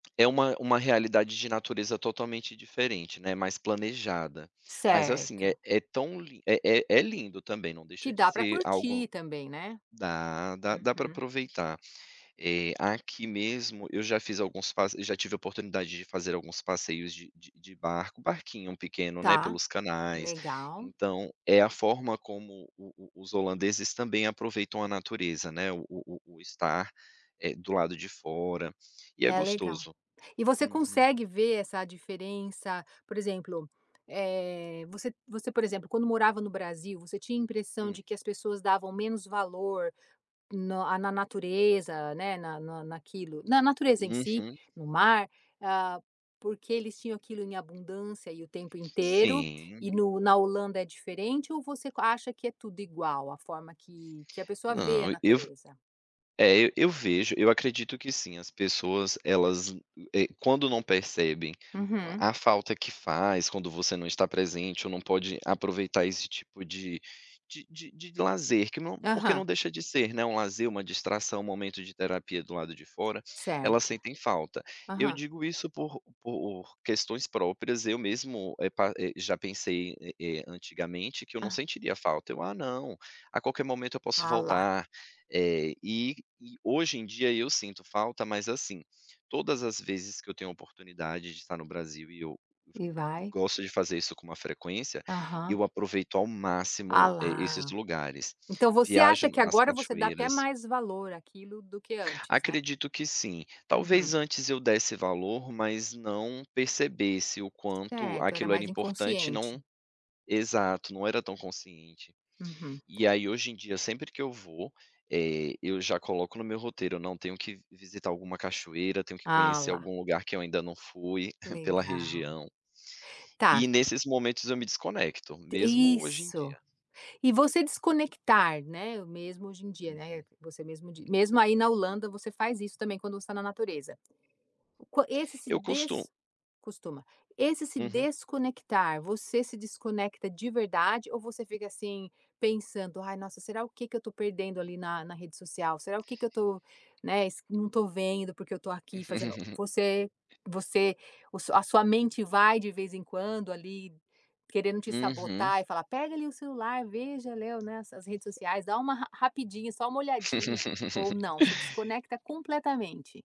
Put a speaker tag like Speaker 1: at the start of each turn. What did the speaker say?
Speaker 1: É uma uma realidade de natureza totalmente diferente, né, mais planejada. Mas assim, é
Speaker 2: Certo.
Speaker 1: é tão lin é é lindo também, não
Speaker 2: Que
Speaker 1: deixa de
Speaker 2: dá para
Speaker 1: ser
Speaker 2: curtir
Speaker 1: algo
Speaker 2: também, né.
Speaker 1: dá, dá dá para
Speaker 2: Uhum.
Speaker 1: aproveitar. Eh, aqui mesmo, eu já fiz alguns pas já tivea a oportunidade de fazer alguns passeios de de de barco, barquinho pequeno, né,
Speaker 2: Tá,
Speaker 1: pelos canais,
Speaker 2: legal.
Speaker 1: então é a forma como o o os holandeses também aproveitam a natureza, né, o o o estar, eh, do lado de fora, e é
Speaker 2: É legal.
Speaker 1: gostoso.
Speaker 2: E você
Speaker 1: Uhum.
Speaker 2: consegue ver essa diferença, por exemplo, eh, você você, por exemplo, quando morava no Brasil, você tinha a impressão
Speaker 1: Hum.
Speaker 2: de que as pessoas davam menos valor no ah, na natureza, né, na na naquilo na natureza em si,
Speaker 1: Uhum.
Speaker 2: no mar, ah, porque eles tinham aquilo em abundância e o tempo inteiro,
Speaker 1: Sim.
Speaker 2: e no na Holanda é diferente, ou você co acha que é tudo igual, a forma que que a pessoa vê a
Speaker 1: Não, e eu f
Speaker 2: natureza?
Speaker 1: eh, e eu vejo, eu acredito que sim, as pessoas elas, eh, quando não percebem o
Speaker 2: Uhum.
Speaker 1: a falta que faz quando você não está presente ou não pode aproveitar esse tipo de de de de lazer, que não porque
Speaker 2: Aham.
Speaker 1: não deixa de ser, né, um lazer, uma distração, um momento de terapia do lado de fora, elas
Speaker 2: Certo.
Speaker 1: sentem falta. Eu
Speaker 2: Aham.
Speaker 1: digo isso por por questões próprias, eu mesmo, eh, pa eh, já pensei, eh eh, antigamente que eu não
Speaker 2: Ah.
Speaker 1: sentiria falta, eu: "ah não, a qualquer momento eu posso
Speaker 2: Ah lá.
Speaker 1: voltar". Eh, e e hoje em dia, eu sinto falta, mas assim, todas as vezes que eu tenho a oportunidade de tá no Brasil, e eu go
Speaker 2: E vai.
Speaker 1: gosto de fazer isso com uma frequência,
Speaker 2: Aham.
Speaker 1: eu aproveito ao
Speaker 2: Ah
Speaker 1: máximo, eh, esses
Speaker 2: lá.
Speaker 1: lugares.
Speaker 2: Então você
Speaker 1: Viajo
Speaker 2: acha que
Speaker 1: nas
Speaker 2: agora você dá até
Speaker 1: cachoeiras
Speaker 2: mais valor àquilo do que antes, né.
Speaker 1: Acredito que sim, talvez
Speaker 2: Uhum.
Speaker 1: antes eu desse valor, mas não percebesse o quanto
Speaker 2: Certo, era
Speaker 1: aquilo era
Speaker 2: mais
Speaker 1: importante e
Speaker 2: inconsciente.
Speaker 1: não exato, não era tão consciente.
Speaker 2: Uhum.
Speaker 1: E aí hoje em dia, sempre que eu vou, eh, eu já coloco no meu roteiro, eu: "não, tenho que v visitar alguma cachoeira, tenho que
Speaker 2: Ah
Speaker 1: conhecer
Speaker 2: lá.
Speaker 1: algum lugar que eu ainda não fui, pela
Speaker 2: Legal.
Speaker 1: região".
Speaker 2: Tá.
Speaker 1: E nesses momentos eu me desconecto,
Speaker 2: T
Speaker 1: mesmo hoje em
Speaker 2: isso.
Speaker 1: dia.
Speaker 2: E você desconectar, né, mesmo hoje em dia, né,
Speaker 1: Uhum.
Speaker 2: você mesmo dis mesmo aí na Holanda, você faz isso também, quando você tá na natureza. O quan esse se
Speaker 1: Eu costu
Speaker 2: des costuma. Esse se
Speaker 1: Uhum.
Speaker 2: desconectar, você se desconecta de verdade ou você fica assim, pensando: "ai nossa, será o que que eu tô perdendo ali na na rede social? Será o que que eu tô", né, esse, "não estou vendo, porque eu estou aqui fazendo", você você o a sua mente vai de vez em quando ali, querendo te
Speaker 1: Uhum.
Speaker 2: sabotar e falar: "pega ali o celular, veja Léo, né, as as redes sociais. Dá uma ra rapidinho, só uma olhadinha", ou não, você desconecta completamente?